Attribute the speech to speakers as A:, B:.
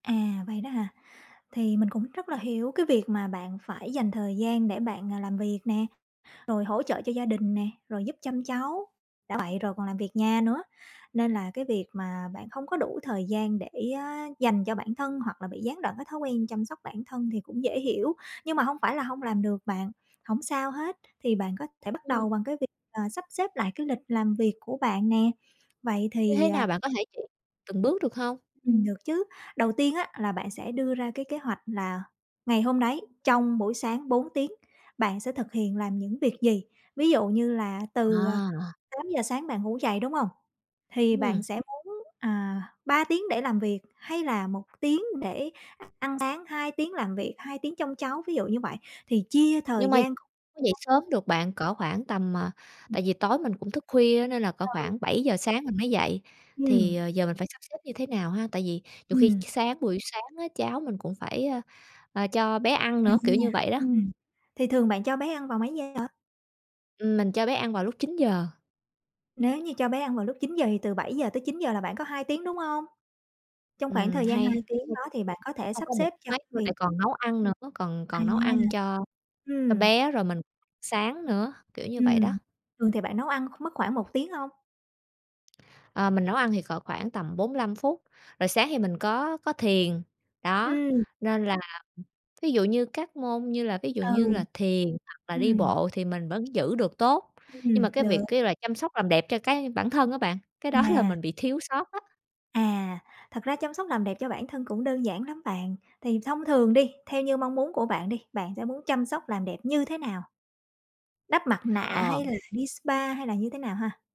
A: À, vậy đó hả? Thì mình cũng rất là hiểu cái việc mà bạn phải dành thời gian để bạn, à, làm việc nè, rồi hỗ trợ cho gia đình nè, rồi giúp chăm cháu, đã vậy rồi còn làm việc nhà nữa, nên là cái việc mà bạn không có đủ thời gian để dành cho bản thân hoặc là bị gián đoạn cái thói quen chăm sóc bản thân thì cũng dễ hiểu. Nhưng mà hông phải là hông làm được bạn, hổng sao hết, thì bạn có thể bắt
B: Ừm.
A: đầu bằng cái việc, ờ, sắp xếp lại cái lịch làm việc của bạn nè. Vậy
B: Như
A: thì,
B: thế
A: à
B: nào? Bạn có thể chỉ từng
A: Ừm.
B: bước, được hông?
A: Ừm, được chứ, đầu tiên á, là bạn sẽ đưa ra cái kế hoạch là ngày hôm đấy trong buổi sáng 4 tiếng bạn sẽ thực hiện làm những việc gì. Ví dụ như là từ, à,
B: À.
A: 8:00 sáng bạn ngủ dậy, đúng hông? Thì
B: Ừm.
A: bạn sẽ muốn, à, 3 tiếng để làm việc, hay là 1 tiếng để ăn sáng, 2 tiếng làm việc, 2 tiếng trông cháu? Ví dụ như vậy, thì chia thời
B: Nhưng mà
A: gian
B: dậy sớm được bạn, cỡ khoảng tầm, à
A: Ừm.
B: tại vì tối mình cũng thức khuya á, nên là cỡ
A: Ừ.
B: khoảng 7:00 sáng mình mới dậy.
A: Ừm.
B: Thì, ờ, giờ mình phải sắp xếp như thế nào ha? Tại vì nhiều khi
A: Ừm.
B: s sáng buổi sáng á, cháu mình cũng phải, a, à, cho bé ăn
A: À,
B: nữa, kiểu như vậy đó.
A: ừm, thì thường bạn cho bé ăn vào mấy giờ?
B: Ừm, mình cho bé ăn vào lúc 9:00.
A: Nếu như cho bé ăn vào lúc 9:00, thì từ 7:00-9:00 là bạn có 2 tiếng, đúng hông? Trong khoảng
B: Ừm,
A: thời gian 2
B: hay.
A: tiếng
B: Ừm.
A: đó thì bạn có thể
B: Hông
A: sắp
B: có một
A: xếp cho
B: máy mà
A: cái việc
B: lại còn nấu ăn nữa, còn
A: À.
B: còn nấu ăn cho cho
A: Ừm.
B: bé, rồi mình sáng nữa, kiểu như vậy đó.
A: Ừm, thường thì bạn nấu ăn mất khoảng 1 tiếng hông?
B: Ờ, mình nấu ăn thì cỡ khoảng tầm 45 phút, rồi sáng thì mình có có thiền, đó,
A: Ừm.
B: nên là, ừm, ví dụ như các môn như là ví dụ như
A: Ừ.
B: là thiền hoặc là đi
A: Ừm.
B: bộ thì mình vẫn giữ được tốt. Nhưng mà
A: Ừm,
B: cái
A: được.
B: việc, kiểu như là, chăm sóc làm đẹp cho cái bản thân á bạn, cái đó là
A: À.
B: mình bị thiếu sót á.
A: À, thật ra chăm sóc làm đẹp cho bản thân cũng đơn giản lắm bạn. Thì thông thường đi, theo như mong muốn của bạn đi, bạn sẽ muốn chăm sóc làm đẹp như thế nào? Đắp mặt nạ,
B: Ờ.
A: hay là đi spa, hay là như thế nào ha?